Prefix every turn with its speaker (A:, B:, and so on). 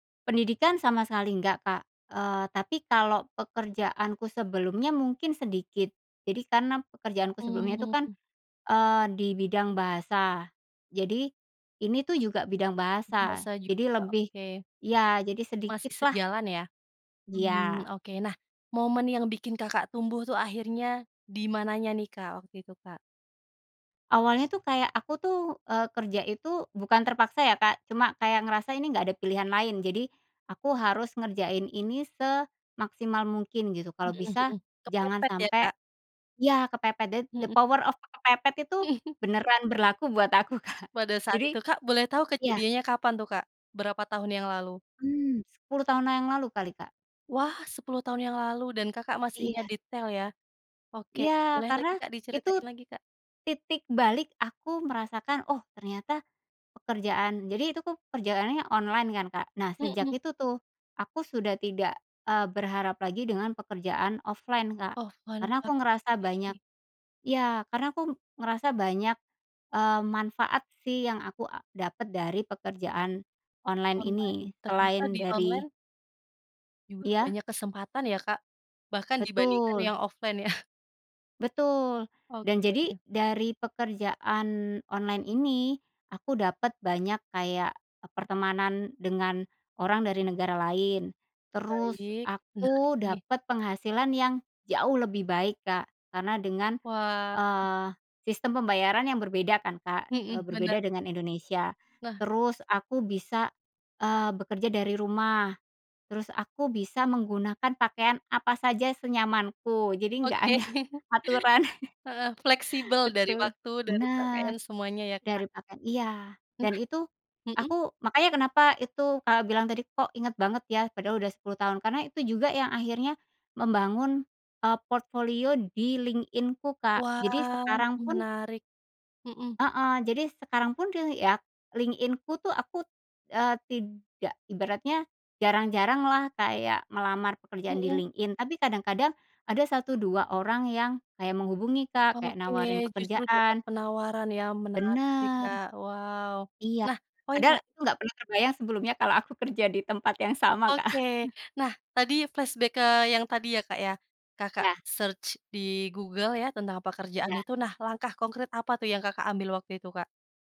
A: Pendidikan sama sekali nggak, Kak, eee, tapi kalau pekerjaanku sebelumnya mungkin sedikit. Jadi karena pekerjaanku sebelumnya itu kan,
B: Mmm.
A: eee, dibidang bahasa, jadi ini tuh juga bidang bahasa,
B: Bahasa
A: jadi
B: juga,
A: lebih
B: oke.
A: iya jadi sedikit
B: Masih
A: lah.
B: sejalan ya? Mmm,
A: Iya.
B: oke. Nah, momen yang bikin Kakak tumbuh tuh akhirnya dimananya nih, Kak, waktu itu, Kak?
A: Awalnya tuh kayak aku tuh, eee, kerja itu bukan terpaksa ya, Kak, cuma kayak ngerasa ini nggak ada pilihan lain. Jadi aku harus ngerjain ini semaksimal mungkin gitu kalau
B: Mhm
A: bisa
B: mhm.
A: jangan
B: Kepepet ya
A: sampai
B: Kak?
A: ya kepepet the the
B: Mhm.
A: power of kepepet itu beneran berlaku buat aku, Kak
B: Pada saat
A: Jadi
B: itu, Kak, boleh tau
A: ya.
B: kejadiannya kapan tuh, Kak? Berapa tahun yang lalu?
A: Mmm, 10 tahun yang lalu kali, Kak.
B: Wah, 10 tahun yang lalu dan Kakak masih ingat
A: Iya.
B: detail ya. Oke,
A: Iya,
B: boleh lagi,
A: karena
B: Kak, diceritain
A: itu
B: lagi, Kak?
A: titik balik aku merasakan, "Oh ternyata pekerjaan" jadi itu tuh kerjaannya online kan, Kak. Nah, sejak
B: Mhm.
A: itu tuh, aku sudah tidak, eee, berharap lagi dengan pekerjaan offline, Kak.
B: Offline ya,
A: Karena aku
B: Kak.
A: ngerasa
B: Iya
A: banyak
B: iya.
A: ya karena aku ngerasa banyak, eee, manfaat sih yang aku a dapet dari pekerjaan online
B: Online.
A: ini
B: Ternyata
A: selain
B: di
A: dari
B: online juga
A: Iya?
B: banyak kesempatan ya, Kak. Bahkan dibandingkan
A: Betul.
B: yang offline ya?
A: Betul. Dan jadi
B: Oke.
A: dari pekerjaan online ini aku dapet banyak kayak, eee, pertemanan dengan orang dari negara lain. Terus,
B: Baik, menarik
A: aku
B: nih.
A: dapet penghasilan yang jauh lebih baik, Kak, karena dengan,
B: Wah, keren.
A: eee, sistem pembayaran yang berbeda kan, Kak, eee,
B: Mhm, bener.
A: berbeda dengan Indonesia.
B: Wah.
A: Terus aku bisa, eee, bekerja dari rumah, terus aku bisa menggunakan pakaian apa saja senyamanku jadi nggak
B: Oke.
A: ada aturan
B: Heeh, fleksibel dari
A: Betul,
B: waktu, dari pakaian
A: benar.
B: semuanya ya,
A: Dari
B: Kak.
A: pakaian iya
B: Nah.
A: dan itu
B: Mhm.
A: aku makanya kenapa itu Kakak bilang tadi, "Kok inget banget ya padahal udah 10 tahun?" Karena itu juga yang akhirnya membangun, eee, portfolio di LinkedIn-ku kak. Jadi
B: Wah,
A: sekarang pun
B: menarik. Mhm.
A: Heeh, jadi sekarang pun te ya LinkedIn-ku tuh aku, eee, tidak ibaratnya jarang-jaranglah kayak melamar pekerjaan di
B: Mhm.
A: LinkedIn tapi kadang-kadang ada 1 2 orang yang kayak menghubungi, Kak, kek
B: Oke,
A: nawarin
B: justru dapat
A: pekerjaan.
B: penawaran yang menarik sih,
A: Benar.
B: Kak. Wow.
A: Iya,
B: Nah, oh iya
A: padahal aku nggak pernah terbayang sebelumnya kalau aku kerja di tempat yang sama, Kak
B: Oke. Nah, tadi flashback ke yang tadi ya, Kak, ya. Kakak
A: Ya.
B: search di Google ya tentang pekerjaan
A: Ya.
B: itu. Nah, langkah konkrit apa tuh yang Kakak ambil waktu itu, Kak?